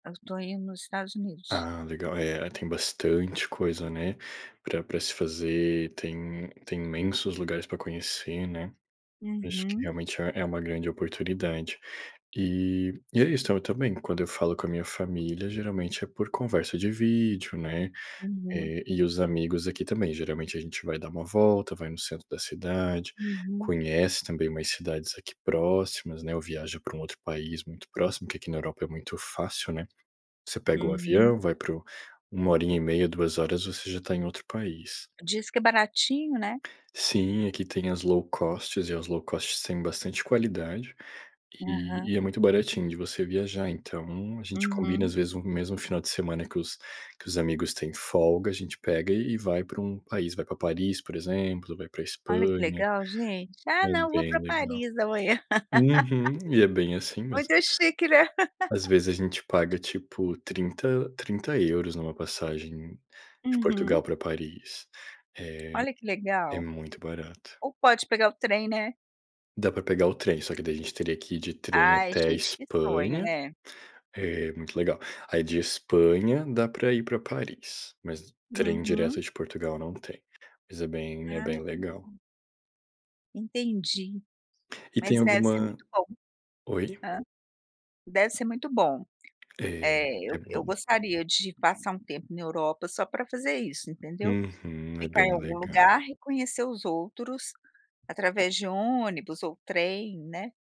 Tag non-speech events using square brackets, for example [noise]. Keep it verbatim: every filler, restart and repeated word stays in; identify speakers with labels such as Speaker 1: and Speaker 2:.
Speaker 1: Estou indo nos Estados Unidos.
Speaker 2: Ah legal, é, tem bastante coisa né, pra pra se fazer, tem tem imensos lugares para conhecer né? Acho que
Speaker 1: Uhum.
Speaker 2: realmente é é uma grande oportunidade. E e é isso também, quando eu falo com a minha família geralmente é por conversa de vídeo né,
Speaker 1: Uhum.
Speaker 2: eh, e os amigos aqui também geralmente a gente vai dar uma volta, vai no centro da cidade,
Speaker 1: Uhum.
Speaker 2: conhece também umas cidades próximas né ou viaja para um outro país muito próximo, porque aqui na Europa é muito fácil né? Você pega o
Speaker 1: Uhum.
Speaker 2: avião, vai para o uma horinha e meia, duas horas você já está em outro país.
Speaker 1: Diz que é baratinho né?
Speaker 2: Sim, aqui tem as low-cost e as low-cost têm bastante qualidade, e
Speaker 1: Aham.
Speaker 2: e é muito baratinho de você viajar. Então, a gente combina
Speaker 1: Uhum.
Speaker 2: às vezes um mesmo final de semana que os que os amigos têm folga, a gente pega e e vai para um país, vai para Paris, por exemplo, vai para
Speaker 1: Olha que
Speaker 2: Espanha,
Speaker 1: legal gente, "Ah
Speaker 2: é
Speaker 1: não vou para
Speaker 2: bem legal.
Speaker 1: Paris amanhã."
Speaker 2: Uhum, e é bem
Speaker 1: [laughs]
Speaker 2: assim mesmo.
Speaker 1: Muito chique né.
Speaker 2: Às vezes a gente paga tipo, trinta trinta euros em uma passagem de Portugal
Speaker 1: Uhum.
Speaker 2: para Paris, eh,
Speaker 1: Olha que
Speaker 2: é
Speaker 1: legal,
Speaker 2: muito barato.
Speaker 1: ou pode pegar o trem, né?
Speaker 2: Dá para pegar o trem, só que daí a gente teria que ir de trem
Speaker 1: Ai
Speaker 2: até a
Speaker 1: gente, que sonho
Speaker 2: Espanha,
Speaker 1: né.
Speaker 2: é muito legal. Aí de Espanha dá para ir para Paris, mas trem direto
Speaker 1: Uhum.
Speaker 2: de Portugal não tem, mas é bem é
Speaker 1: Ah,
Speaker 2: bem legal.
Speaker 1: hum. Entendi,
Speaker 2: E tem
Speaker 1: mas deve ser
Speaker 2: alguma,
Speaker 1: muito bom.
Speaker 2: oi?
Speaker 1: Hã, deve ser muito bom,
Speaker 2: É,
Speaker 1: eh,
Speaker 2: é
Speaker 1: eu eu
Speaker 2: bom.
Speaker 1: gostaria de passar um tempo na Europa só para fazer isso, entendeu?
Speaker 2: Uhum, é
Speaker 1: Ficar em
Speaker 2: bem
Speaker 1: algum
Speaker 2: legal.
Speaker 1: lugar e conhecer os outros, através de ônibus ou trem, né.